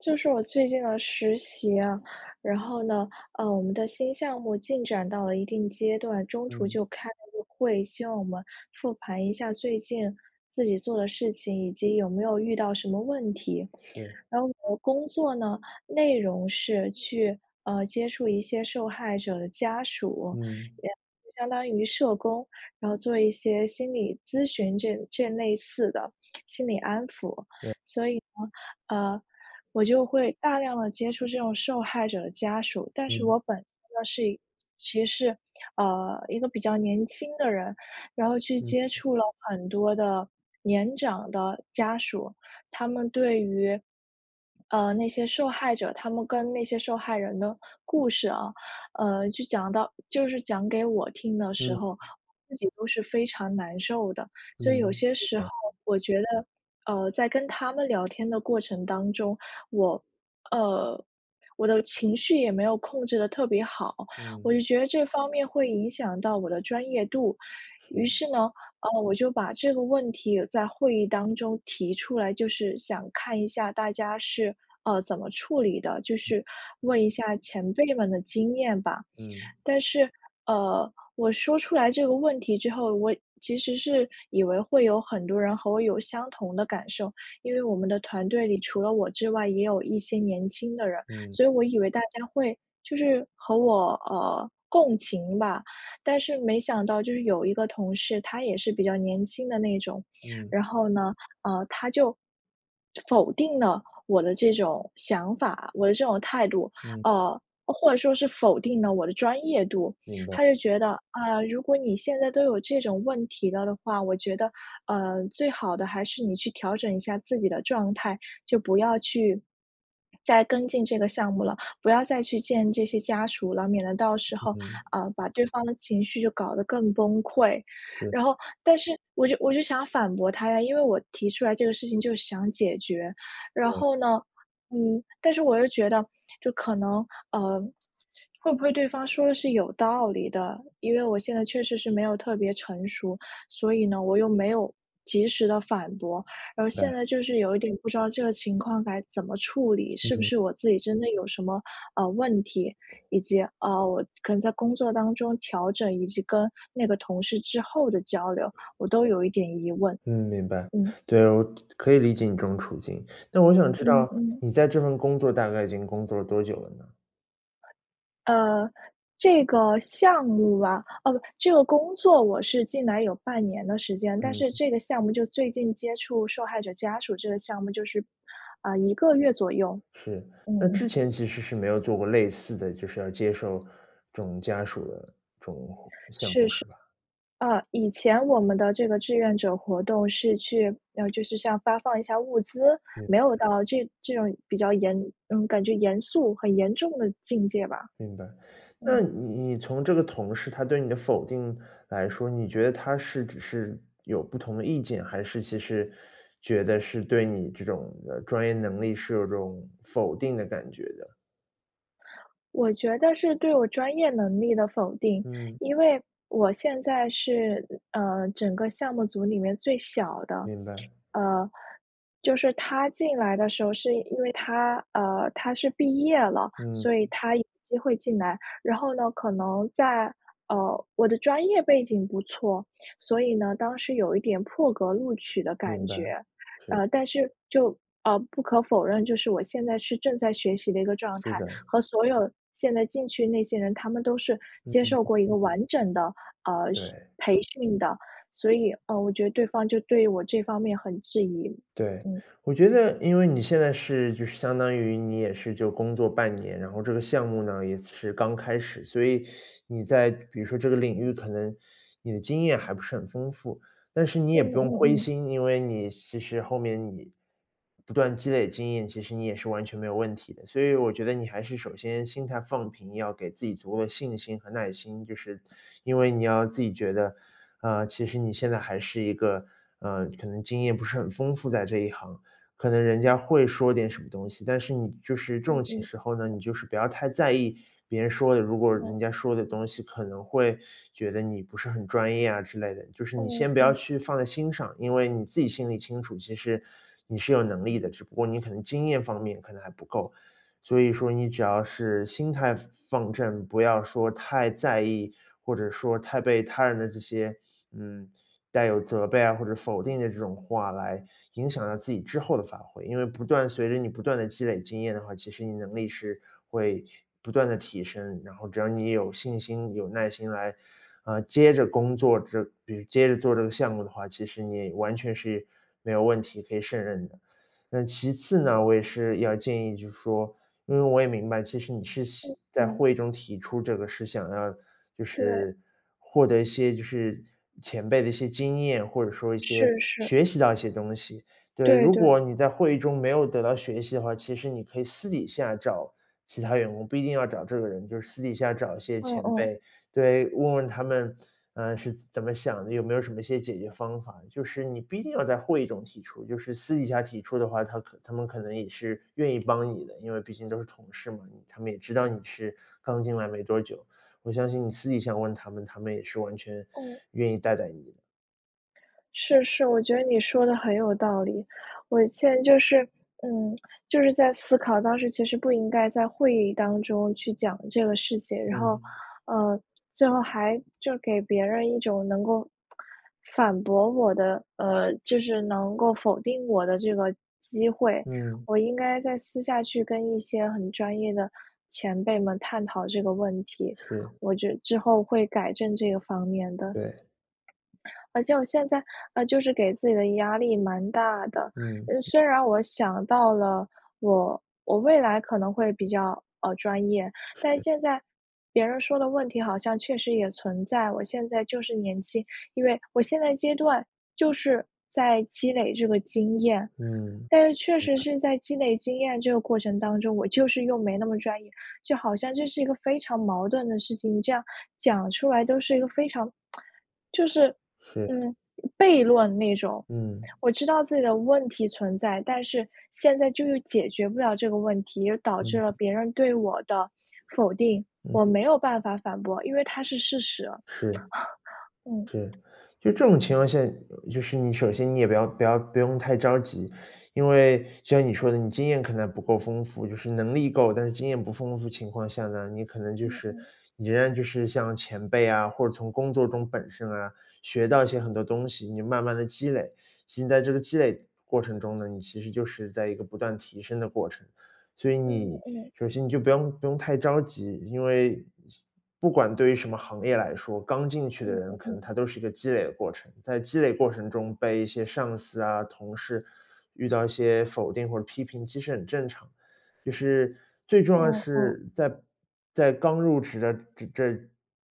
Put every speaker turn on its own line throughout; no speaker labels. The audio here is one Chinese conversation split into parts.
就是我最近的实习啊，然后呢，呃，我们的新项目进展到了一定阶段，中途
嗯。
就开了个会，希望我们复盘一下最近自己做的事情，以及有没有遇到什么问题。
是。
然后我的工作呢，内容是去，呃，接触一些受害者的家属，
嗯。
也相当于社工，然后做一些心理咨询，这这类似的心理安抚。所以呢，
对。
呃，我就会大量地接触这种受害者的家属。但是我
嗯。
本身呢，是一其实是，呃，一个比较年轻的人，然后去接
嗯。
触了很多的年长的家属，他们对于，呃，那些受害者他们跟那些受害人的故事啊，呃，就讲到就是讲给我听的时
嗯
候，我自己都是非常难受的。所以有
嗯，
些
是
时候，
的。
我觉得，呃，在跟他们聊天的过程当中，我呃，我的情绪也没有控制得特别好，我就
嗯。
觉着这方面，会影响到我的专业度。于
是。
是呢，呃，我就把这个问题在会议当中提出来，就是想看一下大家是，呃，怎么处理的，就
嗯，
是
对。
问一下前辈们的经验吧。
嗯。
但是，呃，我说出来这个问题之后，我其实是以为会有很多人和我有相同的感受，因为
是。
我们的团队里除了我之外，也有一些年轻的人，
嗯。
所以我以为大家会就是和我，呃，共情吧。但是没想到就是有一个同事，他也是比较年轻的那种，
嗯。
然后呢，呃，他就否定了我的这种想法，我的这种态度，
嗯。
呃，或者说是否定了我的专业度。
明白。
他就觉得：“啊，如果你现在都有这种问题了的话，我觉得，呃，最好的还是你去调整一下自己的状态，就不要去再跟进这个项目了，不要再去见这些家属了，免得到时候，
嗯。
呃，把对方的情绪就搞得更崩溃。”
是。
然后但是我就我就想反驳他呀，因为我提出来这个事情，就是想解决。然
对。
后呢，嗯，但是我又觉得就可能，呃，会不会对方说得是有道理的，因为我现在确实是没有特别成熟，所以呢，我又没有及时地反驳。而现
对。
在就是有一点不知道这个情况该怎么处理，是不
嗯。
是我自己真的有什么，呃，问题？以及，呃，我可能在工作当中调整，以及跟那个同事之后的交流，我都有一点疑问。
嗯，明白。
嗯。
对，我可以理解你这种处境，那我想知
嗯
道，
嗯。
你在这份工作，大概已经工作了多久了呢？
呃，这个项目啊哦，这个工作我是进来有半年的时间，但
嗯
是
哼。
这个项目就最近接触受害者家属这个项目，就是，啊，1个月左右，
是，
嗯
那
嗯。
之前其实是没有做过类似的，就是要接受这种家属的这种活项
是是。
目，是吧？
啊，以前我们的这个志愿者活动是去呃，就是像发放一下物资，
嗯。
没有到这这种比较严嗯，感觉严肃很严重的境界吧。
明白，那
嗯。
你你从这个同事，他对你的否定来说，你觉得他是只是有不同的意见，还是其实觉得是对你这种，呃，专业能力是有种否定的感觉的？
我觉得是对我专业能力的否定，
嗯。
因为我现在是，嗯呃，整个项目组里面最小的。
明白。
呃，就是他进来的时候是因为他，呃，他是毕业了，
嗯。
所以他有机会进来。然后呢，可能在呃，我的专业背景不错，所以呢，当时有一点破格录取的感
明白，
觉。
是。
呃，但是，就呃，不可否认，就是我现在是正在学习的一个状
是
态，
的。
和所有现在进去那些人，他们都是
嗯
接
嗯
受
嗯。
过一个完整的，呃，训
对。
培训的。所以，呃，我觉得对方就对于我这方面很质疑，
对，
嗯。
我觉得因为你现在是就是相当于你也是就工作半年，然后这个项目呢，也是刚开始，所以你在比如说这个领域，可能你的经验还不是很丰富。但是你也
嗯
不用灰
嗯嗯。
心，因为你其实后面你，不断积累经验，其实你也是完全没有问题的。所以我觉得你还是首先心态放平，要给自己足够的信心和耐心，就是因为你要自己觉得，啊，其实你现在还是一个，呃，可能经验不是很丰富在这一行，可能人家会说点什么东西，但是你就是这
嗯
种情
嗯。
时候呢，你就是不要太在意别人说的。如果
嗯。
人家说的东西，可能会觉得你不是很专业啊之类的，就是你
嗯，
先不要
嗯。
去放在心上。因为你自己心里清楚，其实你是有能力的，只不过你可能经验方面可能还不够。所以说，你只要是心态放放正，不要说太在意，或者说太被他人的这些，嗯，带有责备啊，或者否定的这种话，来影响到自己之后的发挥。因为不断随着你不断地积累经验的话，其实你能力是会不断地提升，然后只要你有信心，有耐心来，呃，接着工作，之比如接着做这个项目的话，其实你也完全是没有问题，可以胜任的。那其次呢，我也是要建议就是说，因为我也明白，其实你是
嗯，
希在
嗯。
会议中提出这个是想要，就
对。
是获得一些就是前辈的一些经验，或者说一些
是是。
学习到一些东西。对，
对
如
对。
果你在会议中没有得到学习的话，其实你可以私底下找其他员工，不一定要找这个人，就是私底下找一些
嗯
前
嗯。
辈对，问问他们，呃，是怎怎么想的？有没有什么一些解决方法？就是你不一定要在会议中提出，就是私底下提出的话，他可他们可能也是愿意帮你的。因为毕竟都是同事嘛，你他们也知道你是刚进来没多久，我相信你私底下问他们，他们也是完全
嗯。
愿意带带你的。
是，是，我觉得你说的很有道理。我现在就是嗯，就是在思考，当时其实不应该在会议当中去讲这个事情，然后，
嗯。
呃，最后还就给别人一种能够，反驳我的，呃，就是能够否定我的这个机会。
嗯。
我应该在私下去跟一些很专业的前辈们探讨这个问题，
是。
我觉得之后会改正这个方面的。
对。
而且我现在，呃，就是给自己的压力蛮大的，
嗯。
呃，虽然我想到了我我未来可能会比较，呃，专业，但
是。
现在别人说的问题好像确实也存在。我现在就是年轻，因为我现在阶段就是在积累这个经验，
嗯，
但是确
是
实
的。
是在积累经验这个过程当中，我就是又没那么专业。就好像这是一个非常矛盾的事情，你这样讲出来都是一个非常 就是，
是。
嗯，悖论那种。
嗯。
我知道自己的问题存在，但是现在就是解决不了这个问题，导致了
嗯。
别人对我的否定。
嗯。
我没有办法反驳，因为它是事实。
是。
嗯。
是，就这种情况下，就是你首先你也不要不要不用太着急。因为像你说的你经验可能不够丰富，就是能力够，但是经验不丰富的情况下呢，你可能就
嗯
是
嗯。
你仍然就是像前辈啊，或者从工作中本身啊，学到一些很多东西，你慢慢地积累，其实在这个积累过程中呢，你其实就是在一个不断提升的过程。所以
嗯，
你
嗯。
首先你就不用不用太着急，因为，不管对于什么行业来说，刚进去的
嗯
人
嗯
可
嗯。
能他都是一个积累的过程。在积累过程中被一些上司啊，同事遇到一些否定或批评，其实很正常。就是最重要的
嗯嗯。
是在在刚入职的这这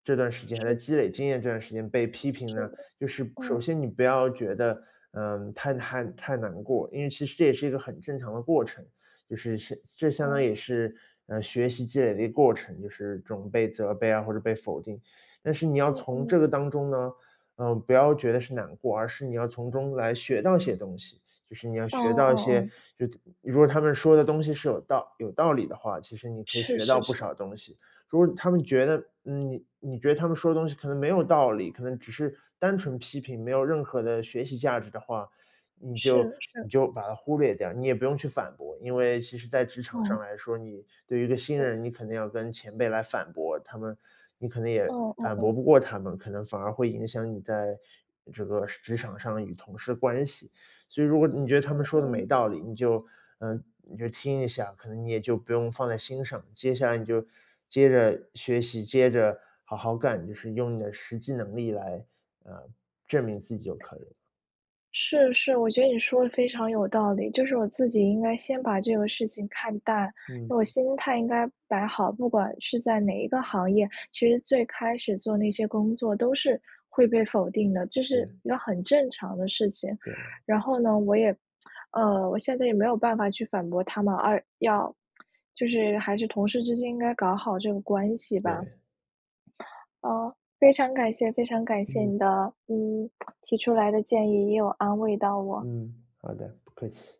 这段时间，还在
是
积
的。
累经验这段时间被批评
是
呢，
的，
就是首
嗯。
先你不要觉得，嗯，太太太难过，因为其实这也是一个很正常的过程，就是是这相当
哦。
也是，嗯，学习积累的一个过程，就是准备、责备啊，或者被否定。但是你要
嗯
从
嗯。
这个当中呢，嗯，不要觉得是难过，而是你要从中来学到一些东西。就是你要
嗯
学
嗯
到一些
嗯嗯。
就是如果他们说的东西是有道有道理的话，其实你可以
是
学到
是
不
是。
少东西。如果他们觉得你你觉得他们说的东西可能没有道理，可能只是单纯地批评，没有任何的学习价值的话，你
是
就你
是。
就把它忽略掉，你也不用去反驳。因为其实在职场上
哦。
来说，你对于一个新
对。
人，你肯定要跟前辈来反驳他们，你可能也
嗯嗯
反
嗯。
驳不过他们，可能反而会影响你在这个职场上与同事关系。所以如果你觉得他们
嗯
说的
嗯
没
嗯。
道理，你就呃，你就听一下，可能你也就不用放在心上。接下来你就接着学习，接着好好干，就是用你的实际能力来，呃，证明自己就可以了。
是，是，我觉得你说的非常有道理。就是我自己应该先把这个事情看淡，
嗯。
因为我心态应该摆好，不管是在哪一个行业，其实最开始做那些工作都是会被否定的，这是
是。
一个很正常的事情。
对。
然后呢，我也呃，我现在也没有办法去反驳他们，而要就是还是同事之间应该搞好这个关系吧。
对。
啊，非常感谢。非常感谢
嗯。
你的，嗯，提出来的建议，也有安慰到我。
嗯，好的，不客气。